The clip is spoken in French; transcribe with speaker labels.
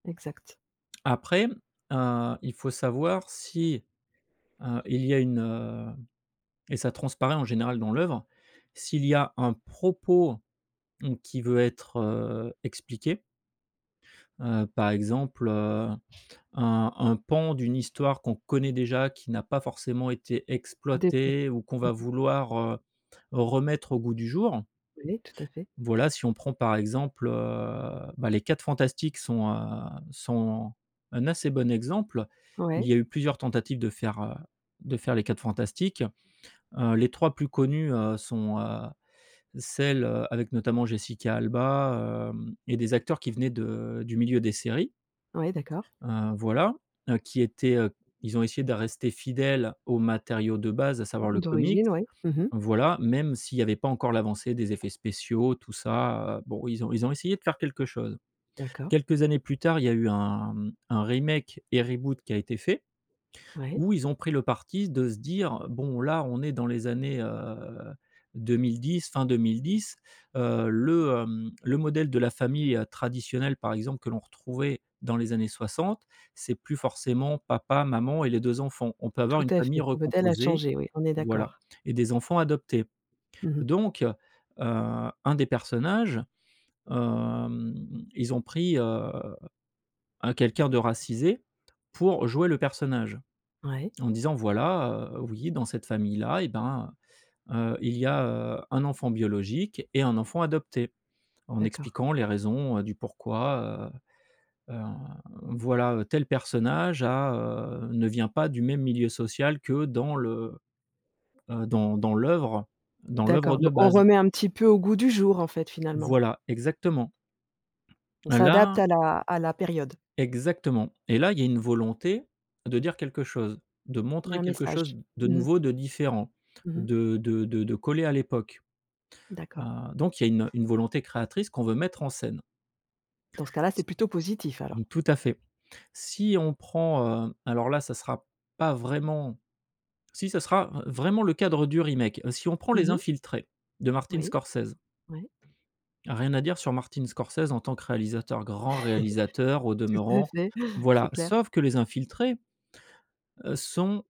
Speaker 1: Exact.
Speaker 2: Après, heu, il faut savoir si, heu, il y a une, heu, et ça transparaît, en général, dans l'œuvre, s'il y a un propos, mmh, qui veut être, heu, expliqué heu, par exemple, heu, un un pan d'une histoire qu'on connaît déjà, qui n'a pas forcément été
Speaker 1: Des po
Speaker 2: exploitée, ou qu'on
Speaker 1: mmh
Speaker 2: va
Speaker 1: mh.
Speaker 2: vouloir, heu, remettre au goût du jour.
Speaker 1: Ouais, tout à fait.
Speaker 2: Voilà, si on prend par exemple, heu, ben, Les 4 Fantastiques sont, heu, sont un assez bon exemple. Il
Speaker 1: Ouais.
Speaker 2: y a eu plusieurs tentatives de faire, heu, de faire Les 4 Fantastiques, heu, les 3 plus connues, heu, sont, heu, celles, heu, avec notamment Jessica Alba, hem, et des acteurs qui venaient de du milieu des séries
Speaker 1: Ouais, d'accord.
Speaker 2: heu, voilà, heu, qui étaient, heu, ils ont essayé de rester fidèles aux matériaux de base, à savoir le comics
Speaker 1: D'origine? Ouais, mmh mh.
Speaker 2: voilà, même s'il y avait pas encore l'avancée des effets spéciaux, tout ça, heu, bon, ils ont ils ont essayé de faire quelque chose.
Speaker 1: D'accord.
Speaker 2: Quelques années plus tard, il y a eu un un remake et reboot qui a été fait,
Speaker 1: Ouais.
Speaker 2: où ils ont pris le parti de se dire: «Bon, là, on est dans les années, heu, 2010, fin 2010, heu, le, hem, le modèle de la famille, heu, traditionnelle, par exemple, que l'on retrouvait dans les années 60, c'est plus forcément papa, maman et les 2 enfants. On peut avoir
Speaker 1: Tout
Speaker 2: une
Speaker 1: à
Speaker 2: famille
Speaker 1: fait, le modèle a
Speaker 2: recomposée
Speaker 1: changé, oui, on est
Speaker 2: voilà,
Speaker 1: d'accord.
Speaker 2: et des enfants adoptés»,
Speaker 1: Mmh mh.
Speaker 2: donc heu, un des personnages, hem, ils ont pris, heu, un quelqu'un de racisé pour jouer le personnage
Speaker 1: Ouais.
Speaker 2: en disant voilà, heu: «Oui, dans cette famille-là, eh ben, heu heu, il y a, heu, un enfant biologique et un enfant adopté», en
Speaker 1: D'accord.
Speaker 2: expliquant les raisons, heu, du pourquoi, heu heu, voilà, heu: «Tel personnage a, heu, ne vient pas du même milieu social que dans le, heu, dans dans l'œuvre dans l'œuvre
Speaker 1: D'accord,
Speaker 2: de
Speaker 1: donc on
Speaker 2: base».
Speaker 1: remet un petit peu au goût du jour, en fait, finalement?
Speaker 2: Voilà, exactement.
Speaker 1: On
Speaker 2: Et
Speaker 1: s'adapte
Speaker 2: là
Speaker 1: à la à la période?
Speaker 2: Exactement et là, il y a une volonté de dire quelque chose, de
Speaker 1: Il y a
Speaker 2: montrer
Speaker 1: un
Speaker 2: quelque chose
Speaker 1: message,
Speaker 2: de
Speaker 1: mmh mh.
Speaker 2: nouveau, de différent,
Speaker 1: Mmh mh.
Speaker 2: de de de de coller à l'époque, heu,
Speaker 1: D'accord.
Speaker 2: donc il y a une une volonté créatrice qu'on veut mettre en scène.
Speaker 1: Dans ce cas-là, c'est plutôt positif, alors?
Speaker 2: C'est tout à fait. Si on prend, heu, alors là, ça sera pas vraiment si ça sera vraiment le cadre du remake. Si on prend
Speaker 1: Mmh
Speaker 2: Les
Speaker 1: mh.
Speaker 2: Infiltrés de Martin
Speaker 1: Oui,
Speaker 2: Scorsese
Speaker 1: oui.
Speaker 2: rien à dire sur Martin Scorsese en tant que réalisateur, grand réalisateur au
Speaker 1: Tout à
Speaker 2: demeurant,
Speaker 1: fait, c'est
Speaker 2: voilà,
Speaker 1: clair.
Speaker 2: sauf que Les Infiltrés, heu, sont